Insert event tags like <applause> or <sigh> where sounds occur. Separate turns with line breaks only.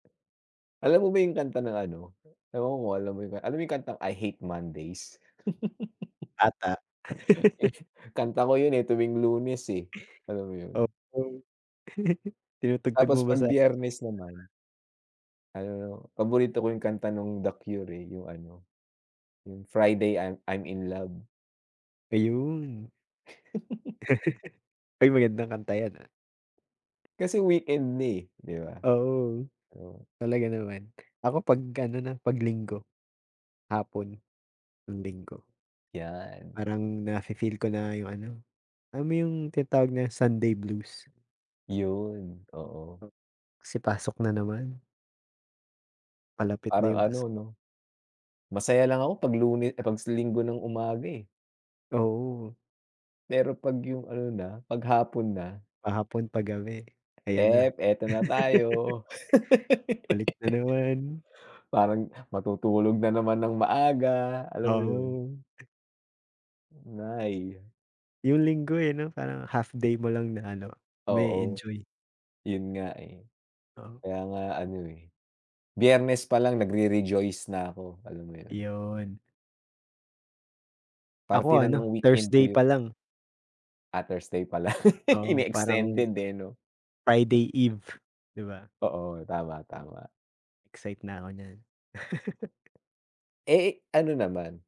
Alam mo ba 'yong kanta ng ano, ewan ko kung alam mo 'yong ka alam mo 'yong kantang, I Hate Mondays?
Ata.
<chuckles>
<laughs>
Eh, kanta ko 'yon, eh, tuwing Lunes, eh, alam mo 'yon.
Of course. <chuckles> Tinutugtog
Tapos
mo ba
'pag
sa
Biyernes naman ano, 'no, paborito ko 'yong kanta no'ng The Cure, eh. 'Yong, ano, 'yong, Friday I'm I'm in Love.
Ayun.
<chuckles>
<laughs> Ay, magandang kanta 'yan, ah.
Kasi weekend na, eh, 'di ba?
Oo,
Oo.
talaga naman. Ako 'pag ano na, 'pag Linggo. Hapon, ng Linggo.
'Yan.
Parang na fi-feel ko na 'yong ano, alam mo 'yong tinatawag na Sunday blues.
'Yon, oo.
Kasi pasok na naman. Palapit na
Parang
'yong
ano,
pasok.
'no, masaya lang ako 'pag Lune ah, 'pag sa Linggo ng umaga, eh.
Oo.
Pero 'pag 'yong ano na, 'pag hapon na
Pahapon, pagabi. Ayan na.
hep, ito na
<laughs>
tayo. <laughs>
Balik na naman.
Parang matutulog na naman ng maaga. Alam mo 'yon.
Oo.
'Nay.
'Yong Linggo, eh, 'no, parang half-day mo lang na, ano,
Oo.
mae-enjoy.
'Yon nga, eh.
Oo.
Kaya nga ano, eh, Biyernes pa lang nagre-rejoice na ako, alam mo 'yon.
'Yon.
Parte
Ako,
na ng
ano,
weekend ko
Thursday
'yon.
pa lang.
Ah, Thursday pala. <laughs>
Oo, parang
Ini-extended, eh, 'no.
Friday eve, 'di ba?
Oo. Tama, tama.
Excite na ako niyan. <laughs>
Eh, ano naman